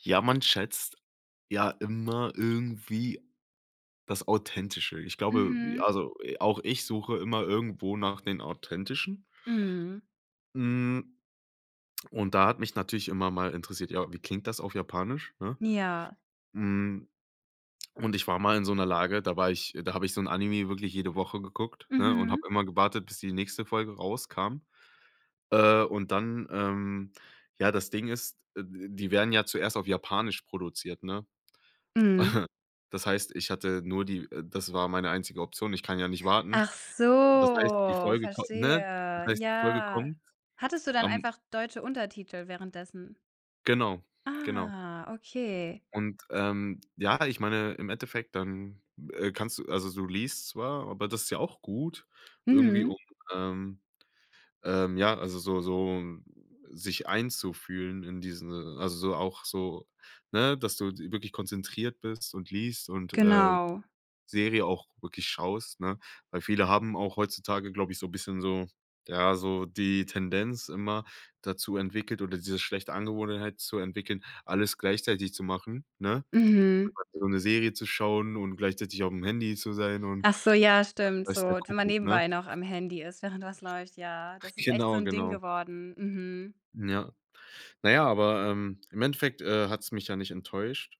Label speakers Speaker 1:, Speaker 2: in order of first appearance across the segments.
Speaker 1: Ja, man schätzt ja immer irgendwie das Authentische. Ich glaube
Speaker 2: Mhm.
Speaker 1: also i auch ich suche immer irgendwo nach den Authentischen.
Speaker 2: Mhm.
Speaker 1: Hm, und da hat mich natürlich immer mal interessiert: „Ja, wie klingt das auf Japanisch“, ne?
Speaker 2: Ja.
Speaker 1: Hm, und ich war mal in so 'ner Lage, da war ich da habe ich so 'n Anime wirklich jede Woche geguckt, ne, und
Speaker 2: Mhm.
Speaker 1: habe immer gewartet, bis die nächste Folge rauskam, äh, und dann, ähm ja, das Ding ist, äh, d die werden ja zuerst auf Japanisch produziert, ne?
Speaker 2: Mhm.
Speaker 1: Das heißt, ich hatte nur die äh, das war meine einzige Option, ich kann ja nicht warten.
Speaker 2: Ach
Speaker 1: Äh, das heißt, die
Speaker 2: so,
Speaker 1: Folge komm ne? Das
Speaker 2: verstehe,
Speaker 1: heißt die Folge
Speaker 2: ja.
Speaker 1: kommt
Speaker 2: Hattest du dann
Speaker 1: am
Speaker 2: einfach deutsche Untertitel währenddessen?
Speaker 1: Genau, genau.
Speaker 2: Ah, okay.
Speaker 1: Und, ähm, ja, ich meine, im Endeffekt, dann, äh, kannst du also du liest zwar, aber das ist ja auch gut, irgendwie,
Speaker 2: Mhm.
Speaker 1: um, ähm, ähm, ja, also so so sich einzufühlen in diesen also so auch so ne, dass du die wirklich konzentriert bist und liest und, äh,
Speaker 2: Genau.
Speaker 1: Serie auch wirklich schaust, ne? Weil viele haben auch heutzutage, glaube ich, so bisschen so ja, so die Tendenz immer dazu entwickelt oder diese schlechte Angewohnheit zu entwickeln, alles gleichzeitig zu machen, ne?
Speaker 2: Mhm.
Speaker 1: [unintelligible] so 'ne Serie zu schauen und gleichzeitig aufm Handy zu sein und
Speaker 2: Ach so, ja stimmt,
Speaker 1: we weiß der
Speaker 2: so wenn man
Speaker 1: Kuckuck, ne?
Speaker 2: nebenbei noch am Handy ist, während was läuft, ja, das ist echt so
Speaker 1: Genau,
Speaker 2: 'n Ding
Speaker 1: genau.
Speaker 2: geworden, mhm.
Speaker 1: Ja. Na ja, aber, ähm, im Endeffekt, äh, hat's mich ja nicht enttäuscht.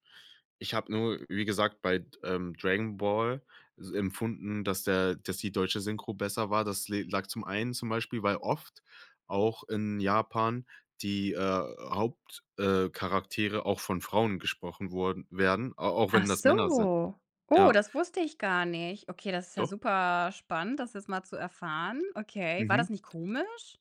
Speaker 1: Ich habe nur, wie gesagt, bei d ähm, Dragon Ball s empfunden, dass der dass die deutsche Synchro besser war, das le lag zum einen zum Beispiel weil oft auch in Japan die, äh, Haupt äh, Charaktere auch von Frauen gesprochen wurden werden, a auch
Speaker 2: Ach
Speaker 1: wenn das Männer sind.
Speaker 2: so. Oh,
Speaker 1: Ja,
Speaker 2: das wusste ich gar nicht. Okay, das ist ja
Speaker 1: Doch.
Speaker 2: super spannend, das jetzt mal zu erfahren. Okay, war
Speaker 1: Mhm.
Speaker 2: das nicht komisch?